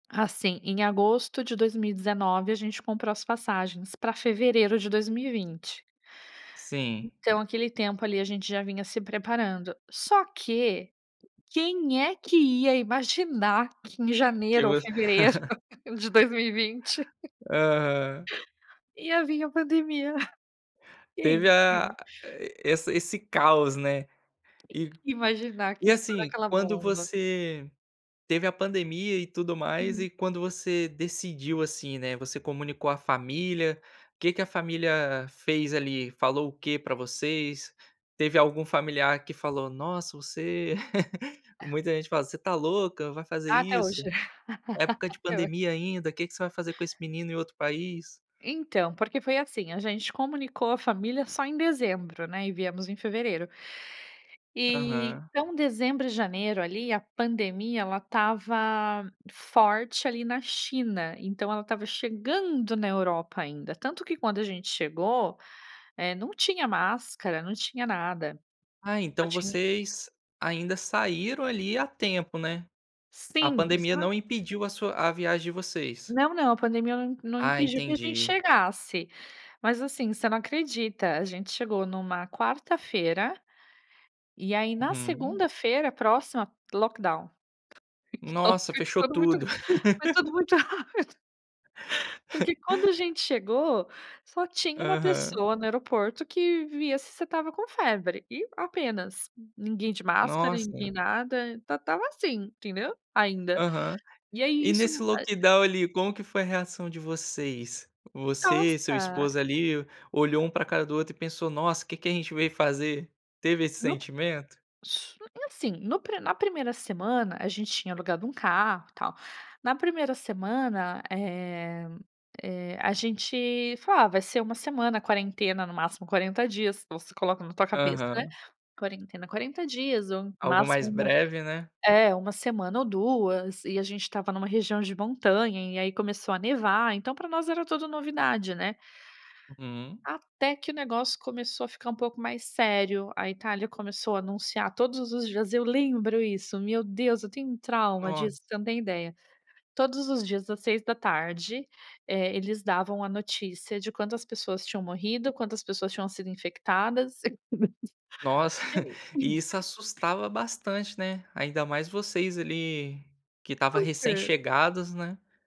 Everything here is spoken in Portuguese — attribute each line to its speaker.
Speaker 1: Assim, em agosto de 2019, a gente comprou as passagens para fevereiro de 2020.
Speaker 2: Sim.
Speaker 1: Então aquele tempo, ali, a gente já vinha se preparando. Só que, quem é que ia imaginar que em
Speaker 2: Que
Speaker 1: janeiro ou
Speaker 2: vo
Speaker 1: fevereiro de 2020
Speaker 2: Aham.
Speaker 1: ia vim a pandemia.
Speaker 2: Teve
Speaker 1: Quem
Speaker 2: a
Speaker 1: que.
Speaker 2: e essa esse caos, né. E
Speaker 1: Quem que imaginar
Speaker 2: e
Speaker 1: que ia estourar
Speaker 2: assim,
Speaker 1: aquela
Speaker 2: quando
Speaker 1: bomba.
Speaker 2: você teve a pandemia e tudo mais,
Speaker 1: Uhum.
Speaker 2: e quando você decidiu, assim, né, você comunicou à família? O que que a família fez, ali, falou o quê para vocês? Teve algum familiar que falou: "Nossa, você" muita gente fala: "Você está louca, vai fazer
Speaker 1: Até hoje.
Speaker 2: isso. Época de
Speaker 1: Até ho
Speaker 2: pandemia ainda, que que você vai fazer com esse menino em outro país?".
Speaker 1: Então, porque foi assim, a gente comunicou a família só em dezembro, né, e viemos em fevereiro. E,
Speaker 2: Aham.
Speaker 1: então dezembro e janeiro, ali, a pandemia, ela estava forte ali na China, então ela estava chegando na Europa ainda, tanto que quando a gente chegou, eh, não tinha máscara, não tinha nada.
Speaker 2: Ah,
Speaker 1: Só
Speaker 2: então
Speaker 1: tinha
Speaker 2: vocês ainda saíram, ali, a tempo, né. A
Speaker 1: Sim, isso
Speaker 2: pandemia
Speaker 1: era
Speaker 2: não impediu a sua a viagem de vocês?
Speaker 1: Não, não, a pandemia não não
Speaker 2: Ah,
Speaker 1: impediu que a gente
Speaker 2: entendi.
Speaker 1: chegasse. Mas assim, você não acredita, a gente chegou numa quarta-feira, e aí na
Speaker 2: Uhum.
Speaker 1: segunda-feira próxima, lockdown. Então
Speaker 2: Nossa,
Speaker 1: [unintelligible]
Speaker 2: fechou
Speaker 1: tudo muito
Speaker 2: tudo.
Speaker 1: foi tudo muito rápido. Porque quando a gente chegou, só tinha uma
Speaker 2: Aham.
Speaker 1: pessoa no aeroporto que via se você estava com febre, e apenas. Ninguém de máscara, ninguém
Speaker 2: Nossa.
Speaker 1: nada, esta estava assim, entendeu, ainda.
Speaker 2: Aham.
Speaker 1: E aí
Speaker 2: E
Speaker 1: isso,
Speaker 2: nesse
Speaker 1: ah
Speaker 2: lockdown, ali, como que foi a reação de vocês? Você, seu
Speaker 1: Tosta.
Speaker 2: esposo, ali, olhou um para cara do outro e pensou: "Nossa, que que a gente veio fazer?". Teve esse sentimento?
Speaker 1: Su e assim, no pri na 1ª semana, a gente tinha alugado um carro, e tal. Na 1ª semana, eh eh, a gente falou: "Ah, vai ser 1 semana, quarentena, no máximo 40 dias", você coloca na tua cabeça,
Speaker 2: Aham.
Speaker 1: "quarentena, 40 dias ou
Speaker 2: Algo mais
Speaker 1: máximo 1"
Speaker 2: breve, né.
Speaker 1: é, 1 semana ou 2, e a gente estava numa região de montanha, e aí começou a nevar, então para nós era tudo novidade, né.
Speaker 2: Hum.
Speaker 1: Até que o negócio começou a ficar um pouco mais sério, a Itália começou a anunciar todos os dias eu lembro isso, meu Deus, eu tenho um trauma
Speaker 2: Nossa.
Speaker 1: disso, você não tem ideia. Todos os dias às 18h, eh, eles davam a notícia de quantas pessoas tinham morrido, quantas pessoas tinham sido infectadas.
Speaker 2: Nossa, e isso
Speaker 1: [unintelligible]
Speaker 2: assustava bastante, né. Ainda mais vocês, ali, que estava
Speaker 1: Por quê?
Speaker 2: recém-chegados, né.